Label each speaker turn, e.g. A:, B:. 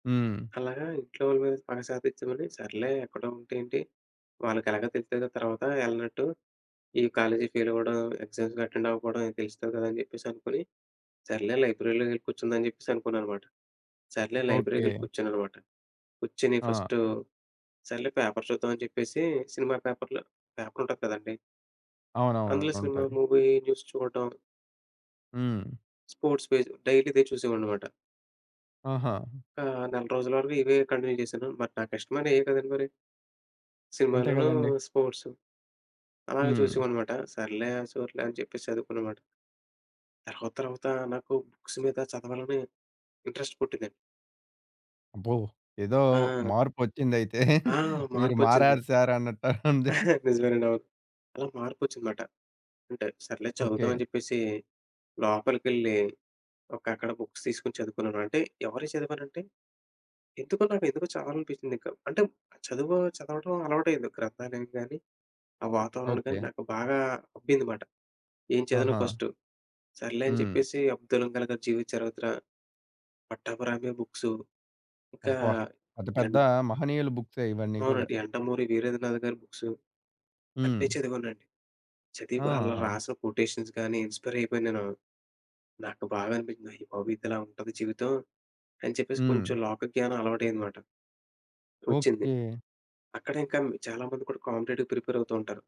A: హ్మ్.
B: అలాగా ఇంట్లో వాళ్ళ మీద స్పాష అది చిన్నది సర్లే ఎక్కడో ఉంటే ఏంటి వాళ్ళకెలాగో తెలుస్తది కదా! తర్వాత ఎళ్ళనట్టు. ఈ కాలేజీ ఫెయిల్ అవ్వడం ఎగ్జామ్స్‌కి అటెండ్ అవ్వకపోవడం తెలుస్తది కదా! అని చెప్పేసనుకుని సర్లే లైబ్రరీలోకి ఎళ్ళి కూర్చుందాం అని చెప్పేసి అనుకున్నా అనమాట. సర్లే లైబ్రరీకి ఎళ్ళి
A: ఓకే.
B: కూర్చొన్నానమాట. కూర్చొని
A: ఆ!
B: ఫస్ట్ సర్లే పేపర్ చూద్దాం అని చెప్పేసి సినిమా పేపర్లో పేపర్ ఉంటుంది కదండీ!
A: అవునవును.
B: అందులో సినిమా
A: ఉంటది.
B: మూవీ న్యూస్ చూడటం.
A: హ్మ్.
B: స్పోర్ట్స్ పేజ్ డైలీ ఇదే చూసేవాడిననమాట.
A: ఆహా!
B: ఆహ్, నెల రోజుల వరకు ఇవే కంటిన్యూ చేశాను. మరి నాకిష్టమైన ఇవే కదండి! మరి.
A: అంతే
B: సినిమాలను
A: కదండీ.
B: స్పోర్ట్సు. అలాగే
A: హ్మ్.
B: చూసావాడిననమాట. సర్లే సర్లే అని చెప్పేసి చదువుకుననమాట. తర్వాతర్వాత నాకు బుక్స్ మీద చదవాలని ఇంట్రెస్ట్ పుట్టిందండి.
A: అబ్బో! ఏదో
B: ఆ!
A: మార్పొచ్చిందైతే.
B: ఆ!
A: మీరు
B: మార్పు వచ్చింది.
A: మారారు సార్ అన్నట్టు ఉంది.
B: నిజమేనండి. అవును. అలా మార్పొచ్చింది మాట. అంటే సర్లే చదువుదాం
A: ఓకే.
B: అని చెప్పేసి లోపలికెళ్లి ఒక అక్కడ బుక్స్ తీసుకొని చదువుకున్నాను. అంటే ఎవరియ్యి చదివానంటే ఎందుకో నాకు ఎందుకో చదవాలనిపించిందింక. అంటే చదువు చదవడం అలవాటయ్యింది. గ్రంథాలయం గాని ఆ వాతావరణం గాని
A: ఓకే.
B: నాకు బాగా అబ్బిందిమాట. ఏం చదవిన
A: ఆహా!
B: ఫస్ట్ సర్లే అని
A: హ్మ్.
B: చెప్పేసి 'అబ్దుల్‌కలామ్' గారి జీవితం చరిత్ర 'పట్టాబి రామయ్య' బుక్సు ఒక
A: అబ్బా! అది పెద్ద
B: ఎన్
A: మహనీయుల బుక్సే ఇవన్నీ కూడా.
B: అవునండి. 'యండమూరి వీరేంద్రనాథ్' గారి బుక్సు. అన్నీ
A: హ్మ్.
B: చదివానండి. చదివి అలా
A: ఆ!
B: రాసిన కొటేషన్స్ గాని ఇన్స్పైర్ అయిపోయాను నేను. నాకు బాగా అనిపించింది. అయ్యిబాబోయి! ఇదిలా ఉంటది జీవితం అని చెప్పేసి
A: హ్మ్.
B: కొంచెం లోక జ్ఞానం అలవాటయ్యిందిమాట. వచ్చింది.
A: ఓకే.
B: అక్కడ ఇంకా చాలామంది కూడా కాంపిటేటివ్ ప్రిపేర్ అవుతూ ఉంటారు.